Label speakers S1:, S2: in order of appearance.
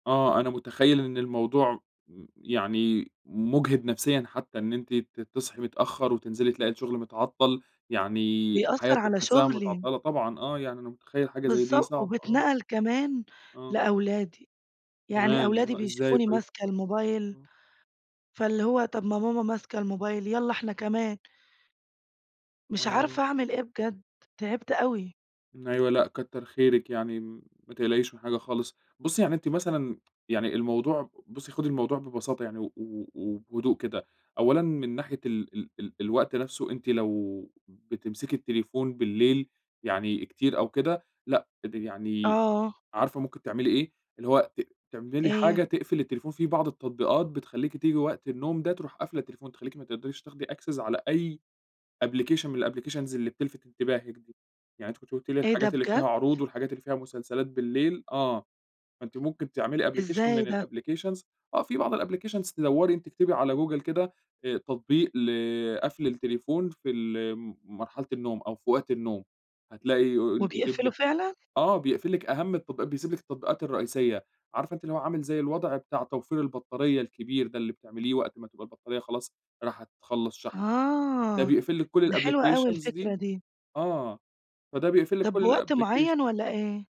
S1: آه، أنا متخيّل إن الموضوع م يعني مجهد نفسيًا حتّى إن أنتِ ت تصحي متأخّر، وتنزلي تلاقي الشغل متعطل، يعني
S2: بيأثر
S1: حياتِك
S2: على
S1: حاسّاها
S2: شغلي.
S1: متعطلة. طبعًا آه، يعني أنا متخيّل حاجة زي دي
S2: بالضبط،
S1: صعب، آه.
S2: وبيتنقل كمان
S1: آه.
S2: لأولادي. يعني
S1: كمان!
S2: أولادي
S1: آه، إزاي
S2: بيشوفوني
S1: طيب؟
S2: ماسكة الموبايل،
S1: آه.
S2: فاللي هو طب ما ماما ماسكة الموبايل، يالّا إحنا كمان. مش
S1: آه.
S2: عارفة أعمل إيه بجد. تعبت أوي.
S1: أيوه لأ كتّر خيرِك يعني، ما تقلقيش من حاجة خالص. بُصّي يعني أنتِ مثلًا، يعني الموضوع بُصّي خدي الموضوع ببساطة يعني و و وبهدوء كده، أولًا من ناحية ال ال ال الوقت نفسه، أنتِ لو بتمسكي التليفون بالليل يعني كتير أو كده لأ، تبقي يعني
S2: آه.
S1: عارفة ممكن تعملي إيه؟ اللي هو ت تعملي
S2: إيه؟
S1: حاجة تقْفل التليفون، في بعض التطبيقات بتخلّيكِ تييجي وقت النوم ده ترُوح قافلة التليفون، تخلّيكِ ما تقْدَريش تاخدي access على أي application من الApplications اللي بتلفت انتباهِك دي. يعني أنتِ كنتِ قُلتِ لي
S2: إيه ده
S1: الحاجات اللي
S2: بجد؟!
S1: فيها عروض والحاجات اللي فيها مسلسلات بالليل آه، فأنتِ ممكن تعملي application
S2: إزاي
S1: من
S2: ده؟
S1: الapplications آه، في بعض الapplications دّوري أنتِ، اكتبي على جوجل كده، آآ، تطبيق ل قَفل التليفون في ال مرحلة النوم أو في وقت النوم، هتلاقي يقول يجيب
S2: وبيقفله
S1: لِك
S2: فعلًا؟
S1: آه، بيقْفل لِك أهم التط بيسيب لِك التطبيقات الرئيسية. عارفة أنتِ اللي هو عامل زي الوضع بتاع توفير البطاريّة الكبير ده، اللي بتعمليه وقت ما تبقى البطاريّة خلاص راحة تخلّص شحن. ده
S2: آه،
S1: بيقْفل لِك كل
S2: ده حلوة أوي
S1: الapplications
S2: الفكرة
S1: دي،
S2: دي.
S1: آه، فده بيقْفل لِك
S2: طب
S1: كل
S2: بوقت معين
S1: الapplication.
S2: والّا إيه؟